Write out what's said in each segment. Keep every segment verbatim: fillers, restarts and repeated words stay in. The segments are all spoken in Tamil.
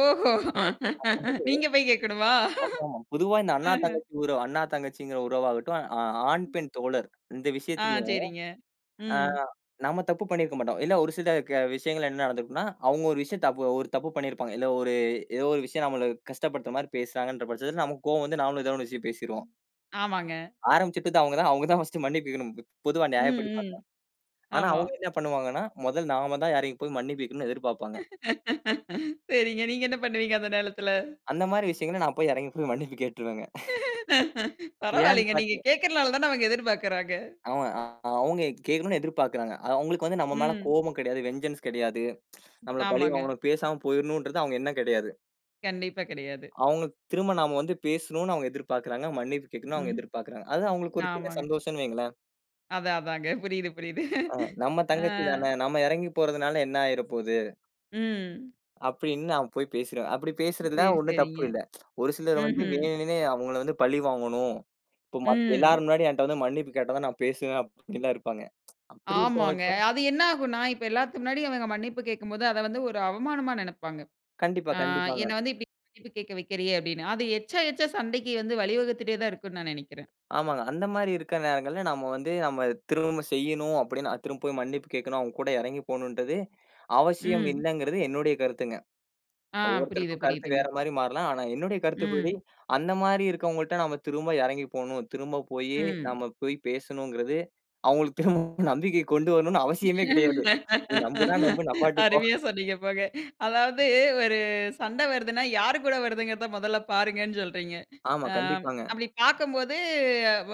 ஓஹோ. அதாவது, நீங்கப் போய் கேட்கணுமா? ஆமாமா. பொதுவா இந்த அண்ணா, அஹ. தங்கச்சி உறவு. அண்ணா, தங்கச்சீங்கற உறவா ஆகட்டும். அ ஆண், பெண் தோழர் இந்த ஆ விஷயத்துலயும், சேரிங்க. ஆ ம். நம்ம தப்பு பண்ணியிருக்க மாட்டோம். இல்ல ஒரு சில க விஷயங்கள்ல என்ன நடந்திருக்கும்னா, அவுங்க ஒரு விஷயத்த தபு ஒரு தப்பு பண்ணி இருப்பாங்க. இல்ல ஒரு ஏதோ ஒரு விஷயம் நம்மள கஷ்டப்படுத்தற மாரி பேசுறாங்கன்ற பட்சத்துல நமக்கு கோவம் வந்து நாமளும் ஏதோன்னு ஒரு விஷயம் பேசிருவோம். ஆமாங்க. ஆரம்பிச்சிட்டது அவுங்க தான். அவுங்க தான் ஃபர்ஸ்ட் மன்னிப்பு கேட்கணும். பொ பொதுவா ம், நியாயப்படி பாத்தா. ம். ஆனா ஆமா. அவுங்க என்ன பண்ணுவாங்கனா? முதல் நாம தான் இறங்கி போய் மன்னிப்பு கேட்கணும்னு எதிர்பார்ப்பாங்க. சேரிங்க. நீங்க என்ன பண்ணுவீங்க அந்த நேலத்துல? அந்த மாரி விஷயங்கள்ல நான் போய் எறங்கி போய் மன்னிப்பு கேட்டுருவேங்க. ஏன் பரவாயில்லங்க. பாத்தீயா? நீங்கக் கேக்குறனால தான அவுங்க எதிர்பாக்குறாங்க. ஆமா. அவுங்க கேக்கணும்னு எதிர்பார்க்கிறாங்க. அவுங்களுக்கு வந்து நம்ம மேல ம். கோபம் கெடையாது, வெஞ்சன்ஸ் கெடையாது. நம்மள பழி ஆமாங்க. வாங்கணும் பேசாம போயிரணும்ன்றது அவுங்க எண்ணம் கெடையாது. கண்டிப்பா கெடையாது. அவுங்க திரும்ப நாம வந்து பேசணும்னு அவுங்க எதிர்பார்க்கிறாங்க. மன்னிப்பு கேட்கணும்னு அவுங்க ம். எதிர்பார்க்கிறாங்க. அது அவுங்களுக்கு ஒரு சின்ன ஆமாங்க. சந்தோஷம்னு வைங்களேன். அதா அதாங்க, புரியுது புரியுது. ஆ, நம்ம ஆ. தங்கச்சி தான நம்ம எறங்கி போறதுனால என்ன ஆயிரப்போது ம். அப்டின்னு நான் போய் பேசிறேன். அப்டி பேசுறதுல சேரி, ஒண்ணும் தப்பு சேரிங்க. இல்ல. ஒரு சிலர் வந்து ம்ஹ்ம். வேணுன்னே அவுங்கள வந்து பழி வாங்கணும். இப்ப மத் ம். எல்லாரும் முன்னாடி என்ட வந்து மன்னிப்பு கேட்டதா நான் பேசுவேன் அப்டிலா இருப்பாங்க. அப்டி இருக்கவங்க ஆமாங்க. கிட்ட அது என்ன ஆகுன்னா, இப்ப எல்லாத்து முன்னாடி அவங்க மன்னிப்பு கேக்கும்போது, அத வந்து ஒரு அவமானமா நெனப்பாங்க. கண்டிப்பா, ஆ கண்டிப்பாங்க. என்ன வந்து இப்டி மன்னிப்பு கேட்க வைக்கறியே அப்டின்னு. அது எச்சா, எச்சா சண்டைக்கு வந்து வழிவகுத்துட்டே தான் இருக்கும்னு நான் நெனைக்கிறேன். ஆமாங்க. அந்த மாரி இருக்க நேரங்கள்ல, நாம வந்து நாம திரும்பச் செய்யணும், அப்டின்னு திரும்ப போய் மன்னிப்பு கேட்கணும், அவுங்க கூட எறங்கி போகணும்றதே அவசியம் ம். இல்லைங்கறது என்னுடைய கருத்துங்க. ஆ. புரியுது, ஒவ்வொருத்தருக்கும் கருத்து புரியுதுங்க. வேற மாரி மாறலாம். ஆனா என்னுடைய கருத்துப்படி, ம். அந்த மாரி இருக்கவங்கள்ட நாம திரும்ப எறங்கி போகணும், திரும்பப் போயி ம். நாம போய் பேசணும்ங்கறது அவுங்களுக்கு திரும்ப நம்பிக்கையைக் கொண்டு வரணும்னு அவசியமே கெடையாது. நீ நம்புனா நம்பு நம்பாட்டிப்போ. அருமையா சொன்னீங்க போங்க. அதாவது ஒரு சண்ட வருதுனா, யாரு கூட வருதுங்கிறத மொதல்ல பாருங்கன்னு சொல்றீங்க. ஆமா. ஆ கண்டிப்பாங்க. அப்டி பாக்கம்போது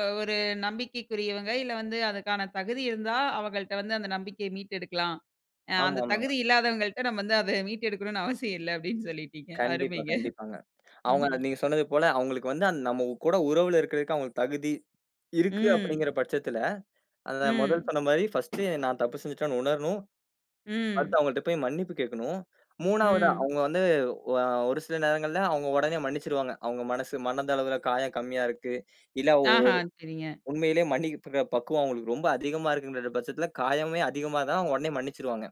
ஒ ஒரு நம்பிக்கைக்குரியவங்க, இல்ல வந்து அதுக்கான தகுதி இருந்தா, அவங்கள்ட வந்து அந்த நம்பிக்கைய மீட்டெடுக்கலாம். அ அந்தத் தகுதி ஆமாமாங்க. இல்லாதவங்கள்ட நம்ம வந்து அத மீட்டெடுக்கணும்னு அவசியம் இல்ல அப்டின்னு சொல்லிட்டீங்க. கண்டிப்பா, அருமைங்க. கண்டிப்பாங்க. அவுங்க ம்ஹ்ம். நீங்கச் சொன்னது போல, அவுங்களுக்கு வந்து நம்ம கூட உறவுல இருக்கிறதுக்கு அவுங்களுக்கு தகுதி இருக்கு ம். அப்டிங்கற பட்சத்துல, அத முதல் ம். சொன்ன மாரி ஃபர்ஸ்ட் நான் தப்பு செஞ்சுட்டேன்னு உணரணும். ம். அடுத்து அவுங்கட்ட போய் மன்னிப்பு கேட்கணும். மூணாவதா ம். அவுங்க வந்து ஆ ஒரு சில நேரங்கள்ல அவுங்க உடனே மன்னிச்சிடுவாங்க. அவுங்க மனசு மனதளவில காயம் கம்மியா இருக்கு, இல்ல ஓ ஆஹா. சேரிங்க. உண்மையிலே மன்னிப்பு பக்குவம் அவுங்களுக்கு ரொம்ப அதிகமா இருக்குற பட்சத்துல, காயமே அதிகமா தான் அவுங்க உடனே மன்னிச்சிருவாங்க.